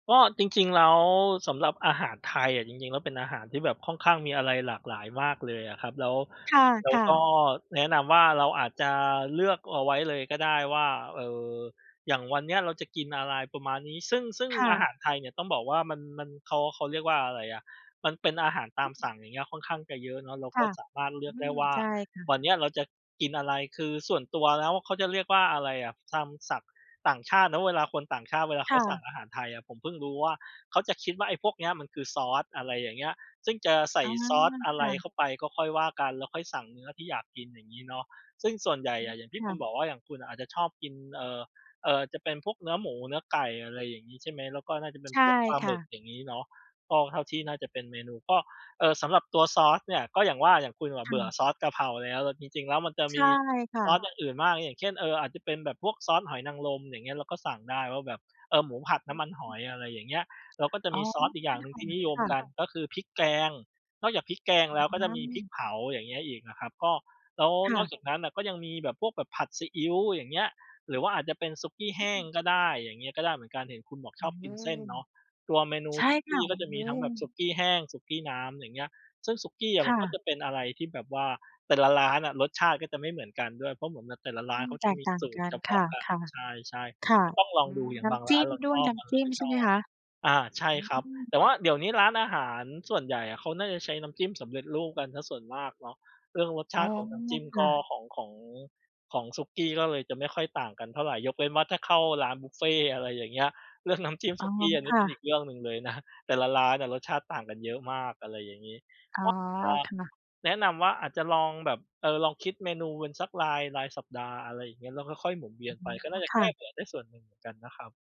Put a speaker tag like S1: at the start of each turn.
S1: ก็จริง ๆ แล้วสำหรับอาหารไทยอะ จริง ๆ แล้วเป็นอาหารที่แบบค่อนข้างมีอะไรหลากหลายมากเลยอะครับ แล้ว แล้
S2: ค
S1: ว
S2: ่ะ
S1: ก็
S2: ๆ
S1: แนะนำว่า เราอาจจะเลือกเอาไว้เลยก็ได้ว่า เออ อย่างวันนี้เราจะกินอะไรประมาณนี้ ซึ่ง ซึ่ง
S2: ค่
S1: อา
S2: ะ
S1: หารไทยเนี่ยต้องบอกว่ามัน มัน เขา เขาเรียกว่าอะไรอะ มันเป็นอาหารตามสั่ง อย่างเงี้ย ค่อนข้างจะเยอะเนาะ เรา
S2: ค
S1: ก็
S2: ่ะ
S1: สามารถเลื
S2: อ
S1: อก
S2: ื
S1: ได้
S2: ม
S1: ว่า
S2: ใช่ค่
S1: ว
S2: ะ
S1: ันนี้เราจะกินอะไร คือส่วนตัวแล้ว เขาจะเรียกว่าอะไรอะ ตามสั่ง ต่างชาติเนาะ เวลาคนต่างชาติเวลาเ
S2: ค
S1: ขา
S2: ่
S1: สั่ง
S2: ะ
S1: อาหารไทยอะ ผมเพิ่งรู้ว่า เขาจะคิดว่าไอ้พวกนี้มันคือซอส อะไรอย่างเงี้ย ซึ่งจะใส
S2: อ
S1: ่
S2: ๋อ
S1: ซอสอะ
S2: ค
S1: ไร
S2: ่ะ
S1: เข้าไปก็ค่อยว่ากัน แล้วค่อยสั่งเนื้อที่อยากกิน อย่างงี้เนาะ ซึ่งส่วนใหญ่
S2: อื
S1: อ
S2: ม
S1: ะ อย่างที
S2: ค
S1: ่ค
S2: ่
S1: ุณ
S2: ะ
S1: บอกว่า อย่างคุณอะอาจจะชอบกิน เอ่อ เอ่อ จะเป็นพวกเนื้อหมู เนื้อไก่ อะไรอย่างงี้ใช่ไหม แล้วก็น่าจะเป็
S2: ใ
S1: น
S2: ช่
S1: พวก ปลา
S2: ค
S1: หม
S2: ่
S1: ึก
S2: ะ
S1: อย่างงี้เนาะ ก็เท่าที่
S2: อ
S1: น
S2: ื
S1: ่า
S2: ม
S1: จะเป็นเมนู ก็ เอ่อ สำหรับตัวซอสเนี่ย ก็อย่างว่าอย่างคุณอะ
S2: ค
S1: เ
S2: ่
S1: บื่อ
S2: ะ
S1: ซอสกะเพราแล้ว จริง ๆ แล้วมันจะ
S2: ใช
S1: มี
S2: ่ค่
S1: ซอส
S2: ะ
S1: อย่างอื่นมาก อย่างเช่น เออ อาจจะเป็นแบบพวกซอสหอยนางรมอย่างเงี้ย เราก็สั่งได้ว่าแบบ เออ หมูผัด
S2: อ
S1: น
S2: ื
S1: ้ำ
S2: ม
S1: มันหอย อะไรอย่างเงี้ย เราก็จะ
S2: อ๋อ
S1: มีซ
S2: น
S1: อ
S2: ้
S1: ส
S2: ำม
S1: อ
S2: ั
S1: ี
S2: น
S1: กอย่างหนึ่งที่น
S2: ห
S1: ิ
S2: อย
S1: ย
S2: ค
S1: ม
S2: ่
S1: กั
S2: ะ
S1: นก็คือพริกแกง นอกจากพริกแกงแล้วก
S2: อ
S1: ็จะมีพริก
S2: า
S1: เผา อย่างเงี้ยอีกนะครับ ก็ แล้ว
S2: ค
S1: น
S2: ่
S1: อก
S2: ะ
S1: จากนั้นก็ยังมีแบบ พวกแบบผัดซีอิ๊ว อย่างเงี้ย หรือว่าอาจจะเป็นสุกี้แห
S2: อ
S1: ้ง
S2: ืม
S1: ก็ได้ อย่างเงี้ยก็ได้เหมือนกัน เห็นคุณบอก
S2: โอ
S1: ชอบกิ
S2: ้
S1: นเส้นเนาะ ตัวเมนู
S2: ใช่
S1: สุ
S2: ค
S1: ก
S2: ่ะ
S1: ี้ก็จะ
S2: โอ
S1: ม
S2: ้
S1: ีทั้งแบบสุกี้แห้ง สุกี้น้ำ อย่างเงี้ย ซึ่งสุกี้อ
S2: ค
S1: ะมั
S2: ่
S1: นก็
S2: ะ
S1: จะเป็นอะไรที่แบบว่า แต่ละร้านอะรสชาติก็จะไม่เหมือนกันด้วย เพราะเหมือนแบบแต่ละร้
S2: อ
S1: า
S2: ื
S1: นเข
S2: ม
S1: า
S2: แ
S1: จ
S2: ต
S1: ะ
S2: ก
S1: มี
S2: ต่าง
S1: สู
S2: ก
S1: ตร
S2: ั
S1: เฉ
S2: น
S1: พ
S2: ค
S1: า
S2: ่
S1: ะ
S2: ะ
S1: กัน ใช่
S2: ๆ ค่ะ
S1: ๆ ก็ต้องลองดู อย่า
S2: น
S1: ง
S2: ้
S1: บาง
S2: ำจ
S1: ร้
S2: ิ
S1: า
S2: ้
S1: น
S2: ม
S1: เรา
S2: ด้
S1: ช
S2: วย
S1: อบ
S2: น้
S1: เรา
S2: ำจิ้
S1: ไ
S2: ม
S1: ม่
S2: ใช
S1: ช
S2: ่ไหม
S1: อบ
S2: คะ?
S1: อา ใช่
S2: อื
S1: ครับ
S2: ม
S1: แต่ว่าเดี๋ยวนี้ร้านอาหารส่วนใหญ่อะ เขาน่าจะใช้น้ำจิ้มสำเร็จรูปกันเสียส่วนมากเนาะ เรื่องรสช
S2: อ๋อ
S1: าติ ของน้ำจิ้ม
S2: ค
S1: ก
S2: ่
S1: ็
S2: ะ
S1: ของ ของ ของสุกี้ก็เลยจะไม่ค่อยต่างกันเท่าไร ยกเว้นว่าถ้าเข้าร้านบุฟเฟต์ อะไรอย่างเงี้ย เรื่องน้ำจิ้ม
S2: อ๋
S1: ส
S2: อ
S1: ุกี้ อัน
S2: ค
S1: นี้
S2: ่
S1: เป็นอี
S2: ะ
S1: กเรื่องหนึ่งเลยนะ แต่ละร้านอะรสชาติต่างกันเยอะมาก อะไรอย่างงี้
S2: อ๋อ
S1: ก็เวลา
S2: ค่ะ
S1: แนะนำว่าอาจจะลองแบบ เออ ลองคิดเมนูเป็นสักราย รายสัปดาห์ อะไรอย่างเงี้ย แล้วค่อย ๆ หมุนเวียนไปก็
S2: อ
S1: น่
S2: ๋อ
S1: าจะ
S2: ค
S1: แก
S2: ่
S1: ้
S2: ะ
S1: เบื่อได้ส่วนหนึ่งเหมือนกันนะครับ